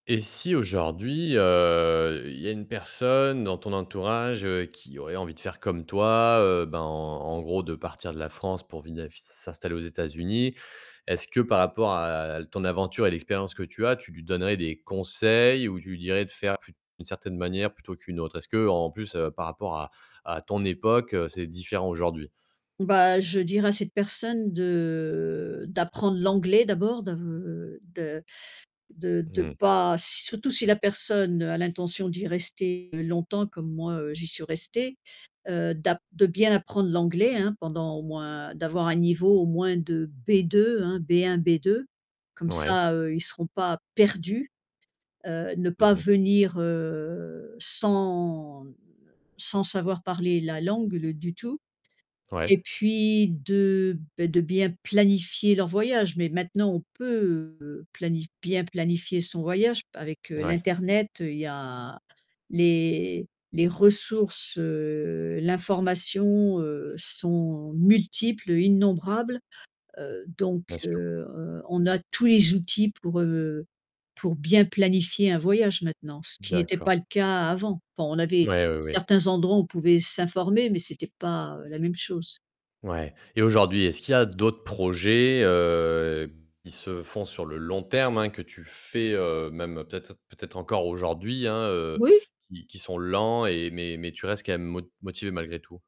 Et si aujourd'hui, heu, il y a une personne dans ton entourage, heu, qui aurait envie de faire comme toi, heu, ben, en gros, de partir de la France pour vina s s'installer aux États-Unis, est-ce que, par rapport à ton aventure et l'expérience que tu as, tu lui donnerais des conseils? Ou tu lui dirais de faire plus d'une certaine manière plutôt qu'une autre? Est-ce qu'en plus, heu, par rapport à à ton époque, c'est différent, aujourd'hui? Bah, je dirais à cette personne de d'apprendre l'anglais d'abord, de de de de Mmh. pas surtout si la personne a l'intention d'y rester longtemps comme moi, heu, j'y suis restée, heu, d'ap de bien apprendre l'anglais, hein, pendant au moins d'avoir un niveau, au moins de B2, hein, B1-B2, comme Ouais. ça, heu, ils seront pas perdus, heu, ne Mmh pas mh. venir, heu, sans, mmh, sans savoir parler la langue, le du tout et Ouais. puis, de, beh, de bien planifier leur voyage, mais maintenant on peut, heu, planif bien planifier son voyage avec, heu, Ouais. l'internet, il y a les les ressources, heu, l'information, heu, sont multiples, innombrables, heu, donc Bien sûr. heu, on a tous les outils pour, heu, pour bien planifier un voyage, maintenant, ce qui n'était D'accord. pas le cas avant, enfin, on avait Mouais, ouais, ouais. certains endroits où on pouvait s'informer mais c'était pas, heu, la même chose. Ouais. Et aujourd'hui, est-ce qu'il y a d'autres projets, heu, qui se font sur le long terme, hein, que tu fais, heu, même peut-être peut-être encore aujourd'hui, hein, heu, Oui. qui qui sont lents et mais mais tu restes quand même mo motivée malgré tout?